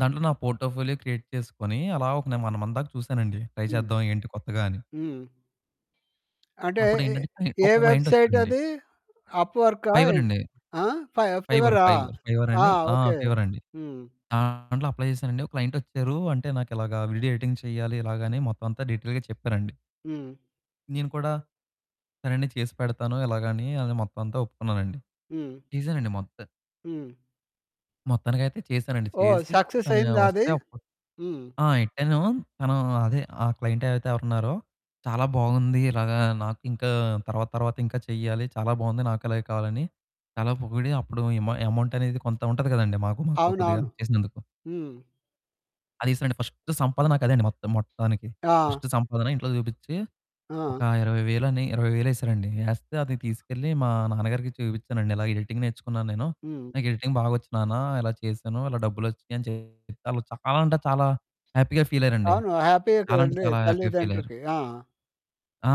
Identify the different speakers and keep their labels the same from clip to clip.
Speaker 1: దాంట్లో నా portfolio create చేసుకొని, అలా ఒక నేను 1 మంత్ దాకా చూసానండి. ట్రై
Speaker 2: హ్మ్.
Speaker 1: చేద్దాం ఏంటి కొత్తగా అని.
Speaker 2: హ్మ్. అంటే
Speaker 1: అప్పుడు
Speaker 2: ఇ
Speaker 1: ఏంటంటే,
Speaker 2: ఏ
Speaker 1: ఒక క్లయింట్
Speaker 2: వెబ్సైట్
Speaker 1: వచ్చారండి.
Speaker 2: అది? అప్‌వర్కా
Speaker 1: ఫైవర్
Speaker 2: ఏంటి?
Speaker 1: అండి.
Speaker 2: ఆ! ఫై
Speaker 1: ఫైవర్
Speaker 2: ఫీవరా?
Speaker 1: ఫైవర్. ఫైవర్
Speaker 2: ఆ!
Speaker 1: అని ఆ!
Speaker 2: ఓకె.
Speaker 1: ఫైవర్ అండి.
Speaker 2: హ్మ్.
Speaker 1: దాంట్లో అప్లై చేసానండి. ఒక క్లయింట్ వచ్చారు. అంటే "నాకు ఇలాగ వీడియో ఎడిటింగ్ చేయాలి. ఇలాగా." అని మొత్తం అంతా డీటెయిల్‌గా చెప్పారండి.
Speaker 2: హ్మ్.
Speaker 1: నేను కూడా సరేండి చేసి పెడతాను. ఇలాగని అని అదే మొత్తం అంతా ఒప్పుకున్నానండి.
Speaker 2: హ్మ్.
Speaker 1: చేసానండి మొత్తం.
Speaker 2: హ్మ్.
Speaker 1: మొత్తానికైతే చేసానండి.
Speaker 2: ఓహ్!
Speaker 1: చేసి
Speaker 2: సక్సెస్
Speaker 1: తను
Speaker 2: అయిందా అది?
Speaker 1: వస్తే అప్పుడు
Speaker 2: హ్మ్.
Speaker 1: ఆ! ఎట్టాను తను అదే, ఆ క్లయింట్ అయితే ఎవరు ఉన్నారో, "చాలా బాగుంది ఇలాగ నాకింకా తర్వాత తర్వాత ఇంకా చేయాలి చాలా బాగుంది. నాకు అలాగే కావాలని" చాలా పొగిడి అప్పుడు ఇమ అమౌంట్ అనేది కొంత ఉంటది కదండీ మాకు. మాకు కొద్దిగా
Speaker 2: అవునవును,
Speaker 1: చేసినందుకు.
Speaker 2: హ్మ్.
Speaker 1: అది ఏసారండి ఫస్ట్ సంపాదనక అదే అండి మొత్తం మొత్తానికి.
Speaker 2: ఆ!
Speaker 1: ఫస్ట్ సంపాదన ఇంట్లో చూపించి,
Speaker 2: ఆ!
Speaker 1: ఒక 20,000 అని, 20,000 వేసారండి. ఏస్తే అది తీసుకెళ్ళి మా నాన్నగారికి చూపించానండి. ఇలా ఎడిటింగ్ నేర్చుకున్నాను నేను.
Speaker 2: హ్మ్.
Speaker 1: నాకు ఎడిటింగ్ బాగొచ్చు నాన్న, ఇలా చేసాను, ఇలా డబ్బులు వచ్చినాయి అని చెప్పి, వాళ్ళు చాలా అంటే చాలా హ్యాపీగా ఫీల్ అయ్యారండి.
Speaker 2: అవును. హ్యాపీ‌యే
Speaker 1: చాలా అంటే
Speaker 2: కదండీ
Speaker 1: చాలా హ్యాపీగా ఫీల్ అయ్యారు.
Speaker 2: తల్లిదండ్రికి. ఆ!
Speaker 1: ఆ!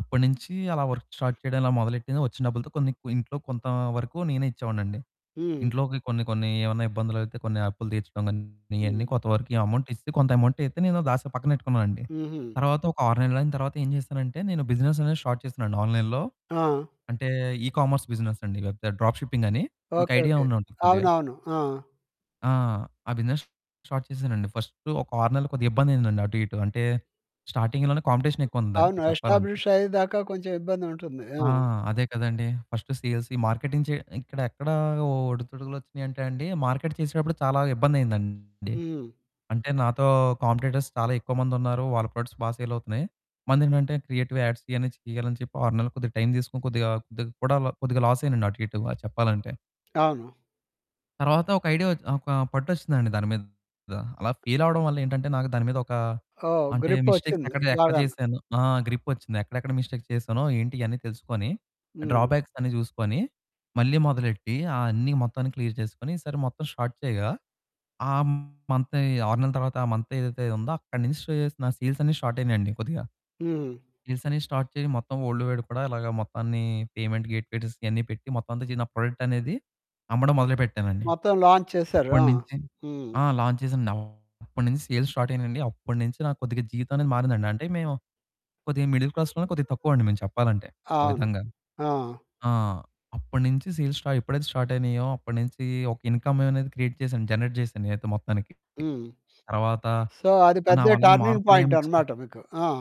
Speaker 1: అప్పటినుంచి అలా వర్క్ స్టార్ట్ చేయడం మొదలెట్టింది. వచ్చిన డబ్బులతో కొన్ని కు ఇంట్లో కొంత వరకు నేనే ఇచ్చేవాడిని అండి.
Speaker 2: హ్మ్.
Speaker 1: ఇంట్లోకి కొన్ని కొన్ని ఏమన్నా ఇబ్బందులు అయితే, కొన్ని అప్పులు తీర్చడం గాని, ఇయన్నీ
Speaker 2: హ్మ్.
Speaker 1: కొంత వరకు అమౌంట్ ఇస్ కొంత అమౌంటైతే నేను దాసి పక్కనెట్టుకున్నానండి.
Speaker 2: హుహు.
Speaker 1: తరువాత ఒక 6 నెలలు అయిన తరువాత ఏం చేసానంటే, నేను బిజినెస్ అనేది స్టార్ట్ చేసానండి ఆన్లైన్‌లో.
Speaker 2: ఆ!
Speaker 1: అంటే ఇ కామర్స్ బిజినెస్ అండి వెబ్‌సైట్, డ్రాప్ షిప్పింగ్ అని మీకు
Speaker 2: ఓకె,
Speaker 1: ఐడియా
Speaker 2: ఓకె.
Speaker 1: ఉండే ఉంటది కొద్దిగ.
Speaker 2: అవునవును. ఆ!
Speaker 1: ఆ! ఆ బిజినెస్ స్టార్ట్ చేసానండి. ఫస్ట్ ఒక 6 నెలలు కొద్దిగా ఇబ్బంది అయిందండి అటు ఇటు. అంటే, స్టార్టింగ్‌లోనే కాంపిటీషన్ ఎక్కువ ఉంది దానికి
Speaker 2: అవును.
Speaker 1: చెప్పాలంటే.
Speaker 2: ఎస్టాబ్లిష్ అయ్యేదాకా కొంచెం ఇబ్బంది ఉంటుంది. ఆ!
Speaker 1: ఆ! అదే కదండీ. ఫస్ట్ సేల్స్ మార్కెటింగ్ ఇక్కడ ఎక్కడ ఒడిదుడుకులు వచ్చినాయంటే అండి. మార్కెట్ చేసేటప్పుడు చాలా ఇబ్బందైందండి.
Speaker 2: హ్మ్.
Speaker 1: అంటే, నాతో కాంపిటీటర్స్ చాలా ఎక్కువ మంది ఉన్నారు, వాళ్ళ ప్రొడక్ట్స్ బా సేల్ అవుతున్నాయి, మనదేంటంటే క్రియేటివ్ యాడ్స్ ఇయని తీయాలని చెప్పి, 6 నెలలు కొద్దిగా టైం తీసుకొని, కొద్దిగా కొద్దిగా కూడా కొద్దిగా లాస్ అయ్యానండి అటు ఇటు, బా చెప్పాలంటే.
Speaker 2: అవును.
Speaker 1: తరువాత ఒక ఐడియా ఒచ్ ఒక పట్టు వచ్చిందండి దాని మీద. అలా ఫెయిల్ అవ్వడం వల్ల ఏంటంటే నాకు దాని మీద ఒక
Speaker 2: ఓహ్!
Speaker 1: అంటే, మిస్టేక్స్
Speaker 2: గ్రిపొచ్చింది
Speaker 1: ఎక్కడ చె ఎక్కడ
Speaker 2: బాగాన.
Speaker 1: చేసాను. ఆ! గ్రిప్ వచ్చింది. ఎక్కడెక్కడ మిస్టేక్స్ చేసానో, ఏంటి ఇవన్నీ తెలుసుకొని
Speaker 2: హ్మ్.
Speaker 1: డ్రాబ్యాక్స్ అన్ని చూసుకొని మళ్ళీ మొదలెట్టి ఆ అన్ని, మొత్తాన్ని క్లియర్ చేసుకొని, ఈసారి మొత్తం స్టార్ట్ చేయగా. ఆ మంతే 6 నెలల తర్వాత ఆ మంత్ ఏదైతే ఉందో అక్కడ నుంచి సే చేసిన సేల్స్ అన్ని స్టార్ట్ అయ్యినియండి కొద్దిగ.
Speaker 2: హ్మ్.
Speaker 1: సేల్స్ అన్ని స్టార్ట్ చేసి మొత్తం, వల్డ్ వైడ్ కూడా ఇలాగా మొత్తాన్ని పేమెంట్ గేట్స్ ఇవన్ని పెట్టి మొత్తం అంతా చి నా ప్రొడక్ట్ అనేది అమ్మడం మొదలుపెట్టానండి.
Speaker 2: మొత్తం లాంచ్ చేసారు. ఆ!
Speaker 1: అప్పటినుంచి
Speaker 2: హ్మ్.
Speaker 1: ఆ! లాంచ్ చేసానండి. అప్పటినుంచి సేల్స్ స్టార్ట్ అయ్యినియండి. అప్పటినుంచి నాకు కొద్దిగా జీవితం అనేది మారిందండి. అంటే మేము, కొద్దిగా మిడిల్ క్లాస్‌లో కొద్దిగా తక్కువ అండి మేము చెప్పాలంటే. ఓ
Speaker 2: అవును.
Speaker 1: విధంగా.
Speaker 2: ఆ!
Speaker 1: ఆ! అప్పటినుంచి సేల్స్ స్టార్ట్ ఎప్పుడైతే స్టార్ట్ అయినాయో, అప్పటినుంచి ఒక ఇన్కమ్ అనేది క్రియేట్ చేసాను. జనరేట్ చేసాను నేనైతే మొత్తానికి.
Speaker 2: హ్మ్.
Speaker 1: తరువాత
Speaker 2: సో, అది
Speaker 1: ఆహ్, నా
Speaker 2: పెద్ద
Speaker 1: వల్ల
Speaker 2: టర్నింగ్
Speaker 1: మార్పులేం
Speaker 2: పాయింట్
Speaker 1: వచ్చిన
Speaker 2: అనమాట మీకు. ఆ!